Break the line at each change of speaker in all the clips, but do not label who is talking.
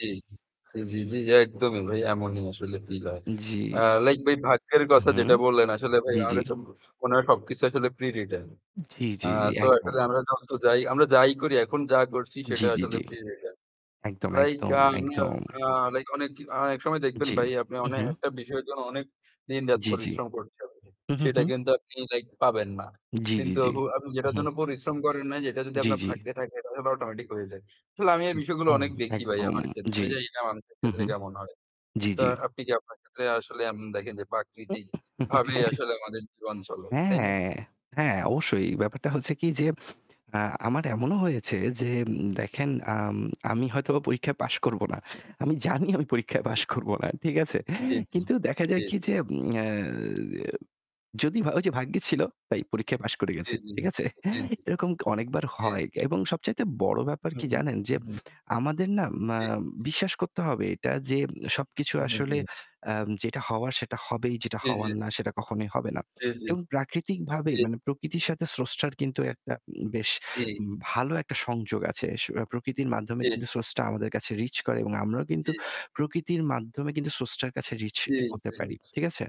জি, জি, জি, জি একদমই ভাই এমনই আসলে feel হয়। আ
জি।
like ভাই, ভাগ্যের
হুম,
কথা
হুম।
যেটা বললেন, আসলে ভাই
জি,
আমার
জি।
কাছে মনে হয় সবকিছু আসলে pre-written.
জি,
আ
জি,
so
একদম।
আসলে আমরা যত যাই আমরা যাই করি, এখন যা করছি
জি,
সেটা
জি,
আসলে
জি।
pre-written.
একদম,
Like
একদম,
আমি আ
একদম।
আ like অনেক কি একসময় দেখবেন
জি।
ভাই, আপনি অনেক
উ-হুম।
একটা বিষয়ের জন্য অনেক দিনরাত
জি, জি।
পরিশ্রম করছেন আপনি,
হুম, হুম,
সেটা
হুম।
কিন্তু আপনি like পাবেন না।
জি, জি,
কিন্তু
জি।
হু, আপনি যেটার
উ-হুম।
জন্য পরিশ্রম করেন না, যেটা যদি
জি,
আপনার
জি।
ভাগ্যে থাকে, তাহলে automatic হয়ে যায়। আসলে আমি এই বিষয়গুলো
একদম,
অনেক দেখি ভাই
একদম।
আমার ক্ষেত্রে। আমি
জি।
জানিনা মানুষের
হুম,
ক্ষেত্রে
হুম।
কেমন হয়।
জি,
তো
জি।
আপনি কি আপনার ক্ষেত্রে আসলে এমন দেখেন যে প্রাকৃতিকভাবেই আসলে আমাদের জীবন চলে,
হ্যাঁ,
তাই না?
হ্যাঁ, হ্যাঁ, অবশ্যই। ব্যাপারটা হচ্ছে কি যে, আ আমার এমনও হয়েছে যে উম দেখেন, আম আমি হয়তোবা পরীক্ষায় পাস করব না। আমি জানি আমি পরীক্ষায় পাস
জি।
করব না। ঠিক আছে?
জি, জি,
কিন্তু দেখা
জি।
যায় কি যে, উম ইয়া যদি ভা ওই যে ভাগ্যে ছিল তাই পরীক্ষায় পাস করে
জি,
গেছি।
জি,
ঠিক আছে?
জি, জি,
এরকম অনেকবার
জি।
হয় কে এবং সবচাইতে বড় ব্যাপার কি
হুম,
জানেন? যে
উহুম।
আমাদের না মা
জি।
বিশ্বাস করতে হবে এটা যে সবকিছু আসলে
[unintelligible]
আম যেটা হওয়ার সেটা হবেই, যেটা
জি, জি।
হওয়ার না সেটা কখনোই হবে না।
জি, জি,
এবং প্রাকৃতিকভাবেই
জি।
মানে প্রকৃতির সাথে উম স্রষ্টার কিন্তু একটা বেশ
জি।
উম ভালো একটা সংযোগ আছে। স প্রকৃতির মাধ্যমে
জি।
কিন্তু স্রষ্টা আমাদের কাছে reach করে এবং আমরাও কিন্তু
জি।
প্রকৃতির মাধ্যমে কিন্তু স্রষ্টার কাছে reach
জি,
হতে
জি।
পারি। ঠিক আছে?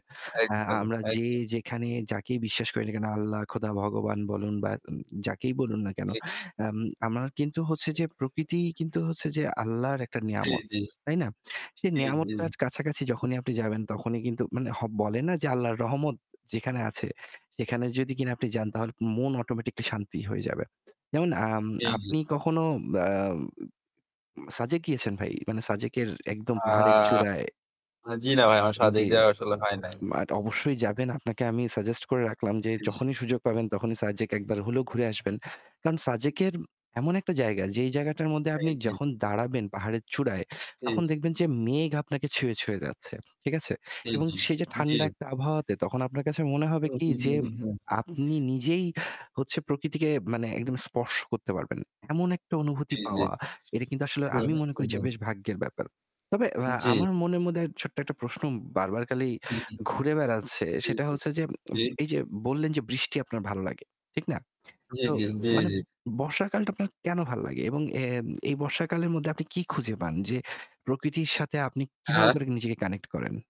অ্যা
একদমই,
আমরা যে
একদমই।
যেখানে যাকেই বিশ্বাস করি না কেন, আল্লাহ, খোদা, ভগবান বলুন বা উম যাকেই বলুন না কেন,
ঠিক।
আম আমরা কিন্তু হচ্ছে যে প্রকৃতিই কিন্তু
[unintelligible]
হচ্ছে যে আল্লাহর একটা
জি,
নেয়ামত।
জি।
তাই না? সেই
জি, জি।
নেয়ামতটার কাছাকাছি যখনই আপনি যাবেন তখনই কিন্তু মানে হ বলে না যে আল্লাহর রহমত যেখানে আছে সেখানে যদি কিনা আপনি যান তাহলে মন automatically শান্তি হয়ে যাবে। যেমন আম
জি, জি।
আপনি কখনো বাউ সাজেক গিয়েছেন ভাই? মানে সাজেকের একদম
আ
পাহাড়ের চূড়ায়
আ জ্বী না ভাই, আমার সাজেক
জি।
যাওয়া আসলে হয়
আ
নাই।
মাট অবশ্যই যাবেন। আপনাকে আমি suggest করে রাখলাম যে
জি, জি।
যখনই সুযোগ পাবেন তখনই সাজেক একবার হলেও ঘুরে আসবেন। কারণ সাজেকের এমন একটা জায়গা যেই জায়গাটার মধ্যে আপনি
এইযে
যখন দাঁড়াবেন পাহাড়ের চূড়ায় তখন
জি।
দেখবেন যে মেঘ আপনাকে ছুঁয়ে, ছুঁয়ে যাচ্ছে। ঠিক আছে?
জি,
এবং
জি,
সেই যে
জি।
ঠান্ডা একটা আবহাওয়াতে তখন আপনার কাছে মনে হবে কি যে আপনি
[unintelligible]
নিজেই হচ্ছে প্রকৃতিকে মানে একদম স্পর্শ করতে পারবেন। এমন একটা অনুভূতি
জি, জি।
পাওয়া এটা কিন্তু আসলে আমি মনে করি যে
[unintelligible]
বেশ ভাগ্যের ব্যাপার। তবে ওয়া
জি।
আমার মনের মধ্যে ছোট্ট একটা প্রশ্ন বারবার খালি
হু, হু।
ঘুরে বেড়াচ্ছে
জি,
সেটা
জি,
হচ্ছে যে
জি।
ম এই যে বললেন, যে বৃষ্টি আপনার ভালো লাগে। ঠিক না?
জি,
তো
জি, জি,
মানে
জি।
বর্ষাকালটা আপনার কেন ভালো লাগে এবং এ এই বর্ষাকালের মধ্যে আপনি কি খুঁজে পান যে প্রকৃতির সাথে আপনি কিভাবে
আহা!
করে নিজেকে connect করেন?